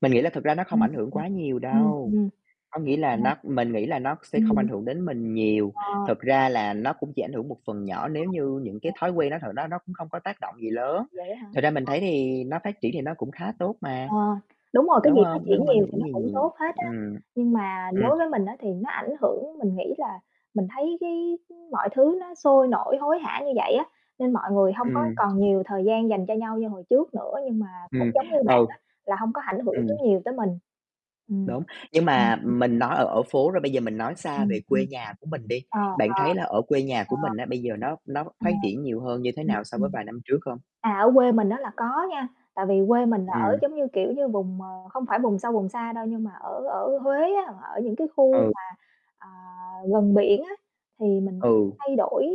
Mình nghĩ là thực ra nó không Ừm, ảnh hưởng quá nhiều ừm. đâu, Ừm, có nghĩa là ừm. Ờ. nó mình nghĩ là nó sẽ không ảnh Ừm. hưởng đến mình nhiều, Ờ. thực ra là nó cũng chỉ ảnh hưởng một phần nhỏ Ờ. nếu như những cái Ờ. thói quen nó thật đó nó cũng không có tác động gì Thật lớn. vậy á hả? Thật ra mình thấy thì nó phát triển Ờ. thì nó cũng khá tốt mà, Ờ, đúng rồi cái đúng gì phát hông? Nó triển hông ảnh nhiều thì hưởng nó gì cũng nhiều. tốt hết á, Ừm, nhưng mà ừm. đối với mình á, thì nó ảnh hưởng. Mình nghĩ là mình thấy cái mọi thứ nó sôi nổi, hối hả như vậy á, nên mọi người hông có Ừm. còn nhiều thời gian dành cho nhau như hồi trước nữa, nhưng mà cũng Ừm, giống như bạn ừ. á, là hông có ảnh hưởng tới Ừm. nhiều tới mình. Ừm. Đúng, nhưng Ừm mà [unintelligible] mình nói ở ở phố rồi bây giờ mình nói xa Ừm, về ừm. quê nhà của mình đi, Ờ, bạn ờ. thấy là ở quê nhà của Ờ. mình á, bây giờ nó nó Ờ. phát triển nhiều hơn như thế Ừm, nào so với ừm. vài năm trước không? À, ở quê mình á, là có nha, tại vì quê mình là ở Ừm. giống như, kiểu như, vùng, ờ, không phải vùng sâu vùng xa đâu nhưng mà ở ở Huế á, ở những cái khu Ừ. mà, ờ, gần biển á, thì mình Ừ. thay đổi,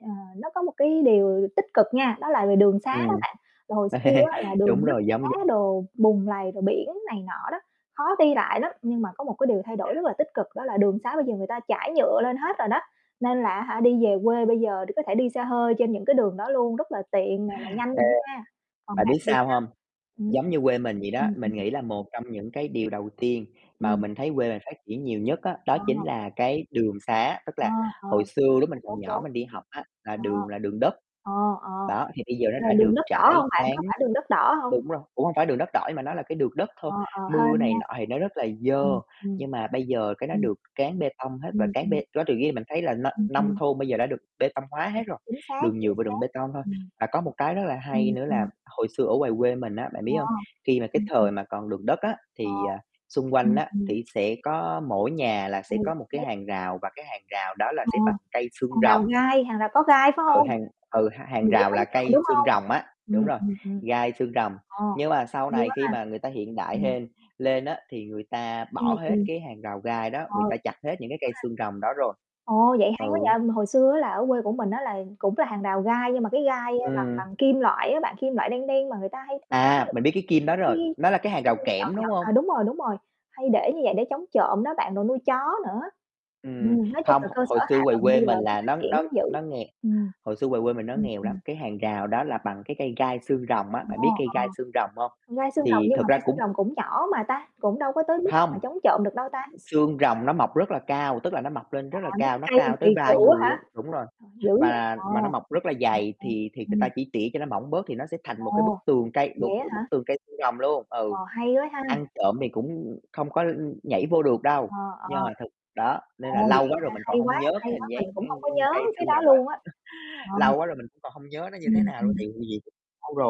ờ, nó có một cái điều tích cực nha, đó là về đường sá Ừm. á bạn. Là hồi xưa á là đường Đúng đất rồi, giống d đá đồ, bùn lầy rồi biển này nọ đó, khó đi lại lắm, nhưng mà có một cái điều thay đổi rất là tích cực đó là đường sá bây giờ người ta trải nhựa lên hết rồi đó, nên là á hả, đi về quê bây giờ có thể đi xe hơi trên những cái đường đó luôn, rất là tiện nè mà nhanh Ê. nữa nha. Còn Bạn bạn biết thì sao sao? hông? Ừm. Giống như quê mình vậy đó, Ừm, mình [unintelligible] nghĩ là một trong những cái điều đầu tiên mà Ừm. mình thấy quê mình phát triển nhiều nhất á, đó Ờ. chính là cái đường sá. Tức Ờ, là ờ, hồi xưa lúc mình đúng, còn nhỏ đúng. mình đi học á, là Ờ. đường là đường đất, Ờ, ờ, đó, thì bây giờ nó đ đã đường được đất đỏ trải, hông bạn, cán có phải đường đất đỏ hông? đúng rồi, cũng hông phải đường đất đỏ nhưng mà nó là cái đường đất thôi, Ờ, ờ, mưa hên này nha. nọ thì nó rất là dơ, Ừm, ừm. nhưng mà bây giờ cái nó Ừm. được cán bê tông hết và Ừm, cán ừm. bê đó tự nhiên mình thấy là n Ừm, nông ừm. thôn bây giờ đã được bê tông hóa hết Ừm, rồi, chính xác, đường chính nhựa và đường xác, bê tông thôi. ừm. Và có một cái rất là hay Ừm, nữa là ừm. hồi xưa ở ngoài quê mình á, bạn Ờ. biết hông? Khi mà cái Ừm, ừm. thời mà còn đường đất á, Ờ, thì, ờ, xung quanh ừm, á, ừm. thì sẽ có mỗi nhà là Ừ, sẽ có một cái [unintelligible] hàng rào và cái hàng rào đó là Ờ, sẽ bằng cây xương hàng rồng. rào gai, hàng rào có gai, phải Ừ, hông? hàng ừ, h hàng Ừm, để rào chống là trộm, cây đúng xương hông? rồng á, đúng Ừm, rồi, ừm, ừm. gai xương rồng. Ồ, Nhưng mà sau hay này quá khi ha. mà người ta hiện đại Ừm. hên lên á, thì người ta bỏ Ừm, hết ừm. cái hàng rào gai đó, Ờ, người ta [unintelligible] chặt hết những cái cây ha. xương rồng đó rồi. Ồ, vậy hay quá Ừ. vậy. Hồi xưa á, là ở quê của mình á, là cũng là hàng rào gai nhưng mà cái gai, a, bằng Ừm. bằng kim loại á, bằng kim loại đen đen mà người ta hay [unintelligible] À, mình biết cái kim đó cái rồi, nó là cái cái hàng rào cây nhọn kẽm, đúng nhọn. hông? À, đúng rồi, đúng rồi, hay để như vậy để chống trộm đó bạn rồi nuôi chó nữa. Ừm, Ừm, nói chung hông, là h cơ sở hồi hạ xưa ngoài tầng bây quê giờ mình nó là phát nó triển nó cũng dữ, nó nghè ừm. hồi xưa ngoài quê mình nó Ừm, nghèo lắm, ừm. cái hàng rào đó là bằng cái cây gai xương rồng á, [unintelligible] bạn Ờ. biết cây gai xương rồng hông? Gai xương rồng Thì nhưng thực mà ra gai xương cũng rồng cũng nhỏ mà ta, cũng đâu có tới mức mà Hông, chống trộm được đâu ta? xương rồng nó mọc rất là cao, tức là nó mọc lên À, rất là mấy cao, cái nó cây mà cao kỳ tới vai cựu người á hả? luôn đúng rồi, Dữ vậy, và ờ. và nó mọc rất là dày [unintelligible] thì thì người Ừm. ta chỉ tỉa cho nó mỏng bớt thì nó sẽ thành một cái bức Ồ, tường cây một vậy á hả? bức tường cây xương rồng luôn ừ, Ồ, hay quá ha. ăn trộm thì cũng không có, ưm, nhảy vô được đâu, Ờ, ờ. nhưng mà thực đó, nên Ồ, là vậy lâu quá á rồi hả? mình còn Hay quá, hông nhớ hay cái quá, hình mình dáng, cũng hông có ưm, nhớ cây cái xương đó rồng á. luôn á. Ờ. Lâu quá rồi mình cũng còn hông nhớ nó như thế Ừm, nào luôn, ừm. tại vì [unintelligible] lâu rồi.